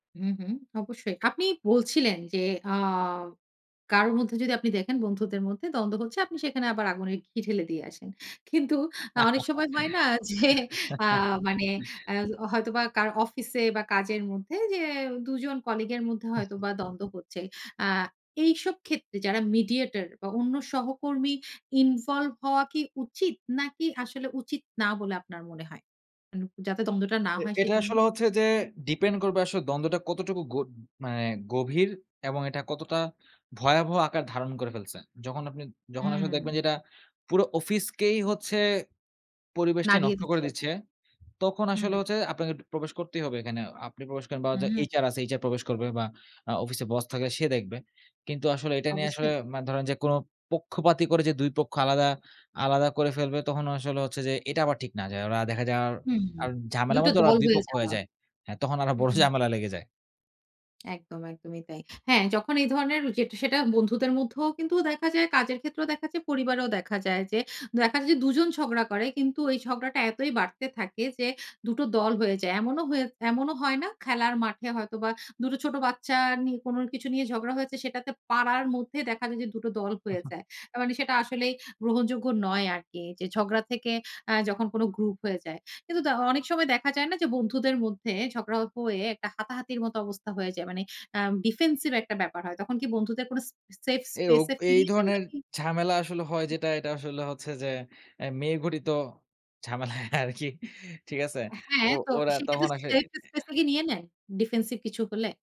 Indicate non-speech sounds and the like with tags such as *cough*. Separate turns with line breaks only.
হুম, হুম। অবশ্যই। আপনি বলছিলেন যে, আ কারো মধ্যে যদি আপনি দেখেন, বন্ধুদের মধ্যে দ্বন্দ্ব হচ্ছে আপনি সেখানে আবার আগুনের ঘি ঢেলে দিয়ে আসেন। কিন্তু আ অনেক সময় হয় না যে আ মানে আ
*giggles*
হয়তো বা কারো অফিস এ বা কাজের মধ্যে যে দুজন কলিগ এর মধ্যে
হু, হু।
হয়তোবা দ্বন্দ্ব হচ্ছে। আ এইসব ক্ষেত্রে, যারা মিডিয়েটর বা অন্য সহকর্মী ইনভলভ হওয়া কি উচিত? নাকি আসলে উচিত না বলে আপনার মনে হয়? উ যাতে দ্বন্দ্বটা না
এ
হয়
এটা
সেজন্য?
আসলে হচ্ছে যে, ডিপেন্ড করবে আসলে দ্বন্দ্বটা কতটুকু গ মানে গভীর এবং এটা কতটা ভয়াবহ আকার ধারণ করে ফেলছে। যখন আপনি, যখন আসলে
হুম।
দেখবেন যে এটা পুরো অফিসেই হচ্ছে পরিবেশটি
নাড়িয়ে,
নষ্ট করে
দিচ্ছে।
দিচ্ছে, তখন
হু,
আসলে
হু।
হচ্ছে আপনাকে একটু প্রবেশ করতেই হবে একখানে। আপনি প্রবেশ করেন বা
হুম।
HR আছে HR প্রবেশ করবে বা আ অফিসে বস থাকবে সে দেখবে। কিন্তু আসলে এটা নিয়ে আসলে
অবশ্যই।
মা ধরেন যে কোন পক্ষপাতি করে যে ২ পক্ষ আলাদা, আলাদা, করে ফেলবে তখন আসলে হচ্ছে যে এটা আবার ঠিক না। যায় ওরা দেখা যায়
হুম, হু।
আর ঝামেলার
দুটো
মধ্যে ওরা
দল
২
হয়ে
পক্ষ হয়ে
যাওয়।
যায়। হ্যা তখন আরো বড়
হুম।
ঝামেলা লেগে যায়।
একদম, একদমই তাই। হ্যাঁ যখন এই ধরনের যে সেটা, বন্ধুদের মধ্যেও কিন্তু দেখা যায়, কাজের ক্ষেত্রেও দেখা যায়, পরিবারেও দেখা যায় যে, দেখা যায় যে দুজন ঝগড়া করে। কিন্তু এই ঝগড়াটা এতই বাড়তে থাকে যে দুটো দল হয়ে যায়। এমন হয়ে এমনও হয় না খেলার মাঠে হয়তো বা দুটো ছোট বাচ্চা নি কোন কিছু নিয়ে ঝগড়া হয়েছে সেটাতে পাড়ার মধ্যে দেখা যায় যে দুটো দল হয়ে
*chuckles*
যায়। আ মানে সেটা আসলেই গ্রহণযোগ্য নয় আরকি। যে ঝগড়া থেকে আ যখন কোন গ্রুপ হয়ে যায়। কিন্তু ত অনেক সময় দেখা যায় না যে বন্ধুদের মধ্যে ঝগড়া অপ হয়ে একটা হাতাহাতির মতো অবস্থা হয়ে যায়। মানে আ ডিফেন্সিভ একটা ব্যাপার হয়। তখন কি বন্ধুদের কোন সে সেফ স্পেস
এউক
এ
এই,
ফিরিয়ে দেন না
ধরনের
কি
ঝামেলা আসলে হয় যেটা এটা আসলে হচ্ছে যে, এ মেয়ে ঘটিত ঝামেলা আরকি ঠিক আছে? তো
হ্যাঁ, তো
ওরা
সেক্ষেত্রে
তখন আসে
সেট স্পেস
*unintelligible*
এ নিয়ে নেন ডিফেন্সিভ কিছু হলে?